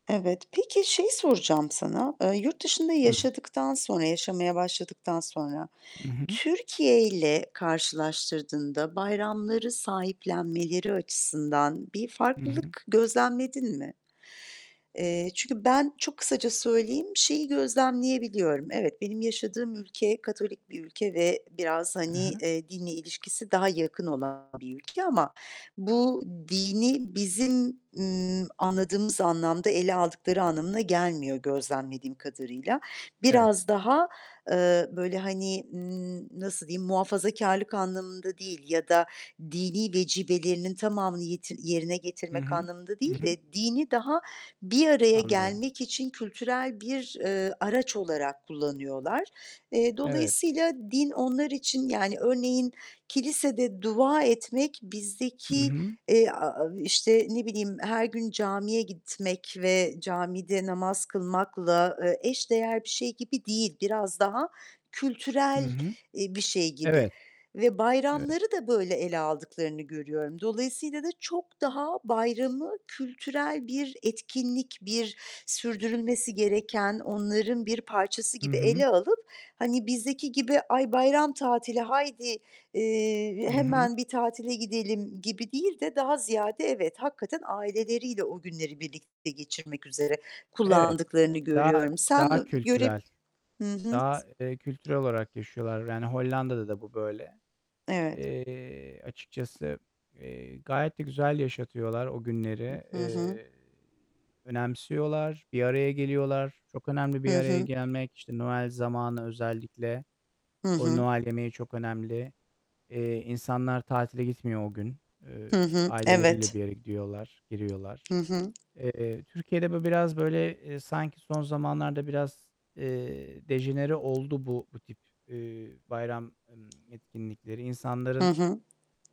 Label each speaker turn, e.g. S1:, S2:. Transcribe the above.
S1: Evet, peki şeyi soracağım sana: Eee, yurt dışında
S2: Hı.
S1: yaşadıktan sonra, yaşamaya başladıktan sonra
S2: I hı.
S1: Türkiye'yle karşılaştırdığında bayramları sahiplenmeleri açısından bir
S2: Hı hı.
S1: farklılık gözlemledin mi? Eee, çünkü ben çok kısaca söyleyeyim, şeyi gözlemleyebiliyorum: Evet, benim yaşadığım ülke Katolik bir ülke ve biraz,
S2: E,
S1: hani,
S2: he.
S1: eee, dinle ilişkisi daha yakın olan bir ülke ama bu dini bizim, ımm, anladığımız anlamda ele aldıkları anlamına gelmiyor gözlemlediğim kadarıyla.
S2: Evet.
S1: Biraz daha, eee, böyle, hani, ımm, nasıl diyeyim, muhafazakârlık anlamında değil ya da dini vecibelerinin tamamını yet yerine
S2: I
S1: getirmek
S2: hı,
S1: anlamında
S2: hı
S1: değil
S2: hı.
S1: de dini daha bir araya
S2: Anlıyorum.
S1: gelmek için kültürel bir, eee, araç olarak kullanıyorlar. Eee,
S2: Evet.
S1: dolayısıyla din onlar için, yani, örneğin kilisede dua etmek,
S2: Hı
S1: bizdeki,
S2: hı.
S1: eee, aaa, işte, ne bileyim, her gün camiye gitmek ve camide namaz kılmakla, eee, eş değer bir şey gibi değil. Biraz daha
S2: Hı
S1: kültürel,
S2: hı.
S1: eee, bir şey gibi
S2: Evet,
S1: ve
S2: evet.
S1: bayramları da böyle ele aldıklarını görüyorum. Dolayısıyla da çok daha bayramı kültürel bir etkinlik, bir sürdürülmesi gereken onların bir parçası
S2: I
S1: gibi
S2: hı.
S1: ele alıp, hani, bizdeki gibi "Ay bayram tatili, haydi, eee,
S2: Hı hı.
S1: hemen bir tatile gidelim." gibi değil de daha ziyade, evet, hakikaten aileleriyle o günleri birlikte geçirmek üzere
S2: Evet,
S1: kullandıklarını
S2: daha,
S1: görüyorum. Sen
S2: daha
S1: ö göre
S2: kültürel.
S1: hı hı.
S2: Daha, eee,
S1: S
S2: kültürel olarak yaşıyorlar. Yani, Hollanda'da da bu böyle.
S1: Evet.
S2: Eee, açıkçası, eee, gayet de güzel yaşatıyorlar o
S1: Hı,
S2: günleri.
S1: hı hı.
S2: Eee, önemsiyorlar, bir araya geliyorlar. Çok önemli bir
S1: Hı
S2: araya
S1: hı.
S2: gelmek, işte, Noel zamanı özellikle,
S1: Hı
S2: o
S1: hı.
S2: Noel yemeği çok önemli. Eee, insanlar tatile gitmiyor o gün. Eee,
S1: Hı hı,
S2: aileleriyle
S1: evet.
S2: bir yere gidiyorlar, giriyorlar.
S1: Hı hı.
S2: Eee, Türkiye'de bu biraz böyle, eee, sanki son zamanlarda biraz, eee, dejenere oldu bu bu tip, eee, bayram, emm, etkinlikleri.
S1: Hı
S2: İnsanların
S1: hı.